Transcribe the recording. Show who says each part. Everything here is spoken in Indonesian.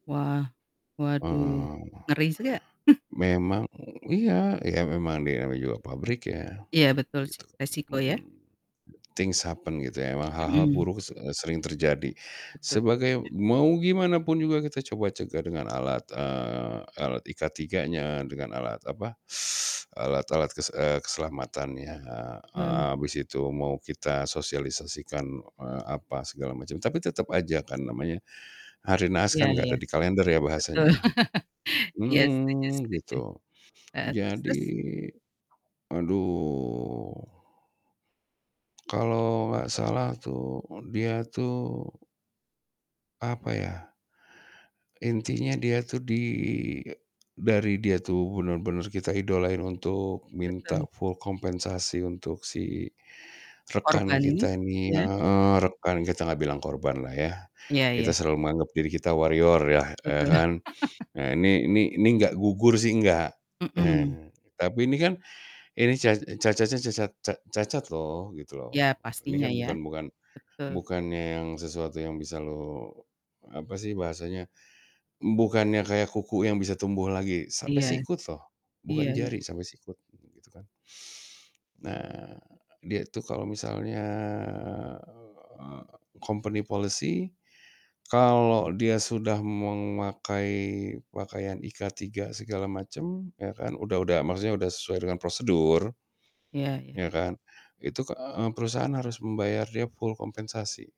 Speaker 1: Wah, waduh.
Speaker 2: Eee,
Speaker 1: Ngeri s juga.
Speaker 2: memang iya, iya memang dia namanya juga pabrik ya.
Speaker 1: Iya, betul sih.
Speaker 2: Gitu,
Speaker 1: Risiko ya?
Speaker 2: mhm. Things happened gitu ya. Memang hal-hal
Speaker 1: Mhm.
Speaker 2: buruk se sering terjadi.
Speaker 1: Betul.
Speaker 2: Sebagai mau gimanapun juga kita coba cegah dengan alat, eee alat IK3-nya, dengan alat apa, alat-alat kes eee, keselamatannya. Eee
Speaker 1: Hmm.
Speaker 2: heeh, abis itu mau kita sosialisasikan, eee, apa segala macam. Tapi tetep aja kan namanya, hari naas
Speaker 1: Iya
Speaker 2: kan
Speaker 1: iya.
Speaker 2: gak ada di kalender ya
Speaker 1: Betul.
Speaker 2: bahasanya ya.
Speaker 1: Iya, setuju
Speaker 2: Mhm,
Speaker 1: setuju.
Speaker 2: gitu.
Speaker 1: Heeh, terus terus?
Speaker 2: Jadi aduh. Kalau gak salah tuh dia tuh apa ya, intinya dia tuh di eee, dari dia tuh bener-bener kita idolain untuk minta
Speaker 1: Betul.
Speaker 2: full kompensasi untuk si rekan
Speaker 1: Korban ini?
Speaker 2: kita ini
Speaker 1: Iya, heeh.
Speaker 2: heeh, rekan, kita gak bilang korban lah ya.
Speaker 1: Iya
Speaker 2: Kita
Speaker 1: iya.
Speaker 2: selalu menganggap diri kita "warrior" yah, eee,
Speaker 1: Betul.
Speaker 2: kan. Ah ini ini ini nggak gugur sih, nggak.
Speaker 1: Mhm.
Speaker 2: Tapi ini kan, ini ca cacatnya cacat ca cacat loh, gitu loh.
Speaker 1: Ya,
Speaker 2: Ini kan
Speaker 1: pastinya ya.
Speaker 2: bukan bukan
Speaker 1: Betul.
Speaker 2: bukannya yang sesuatu yang bisa lo apa sih bahasanya, bukannya kayak kuku yang bisa tumbuh lagi, sampai
Speaker 1: Iya.
Speaker 2: sikut loh. Bukan
Speaker 1: Iya iya.
Speaker 2: jari, sampai sikut, gitu kan. Nah, dia itu kalau misalnya, eee, company policy, kalau dia sudah memakai pakaian IK3 segala macem, ya kan. Udah udah maksudnya sudah sesuai dengan prosedur,
Speaker 1: Iya iya.
Speaker 2: ya kan. Itu ke eee, perusahaan harus membayar dia full kompensasi.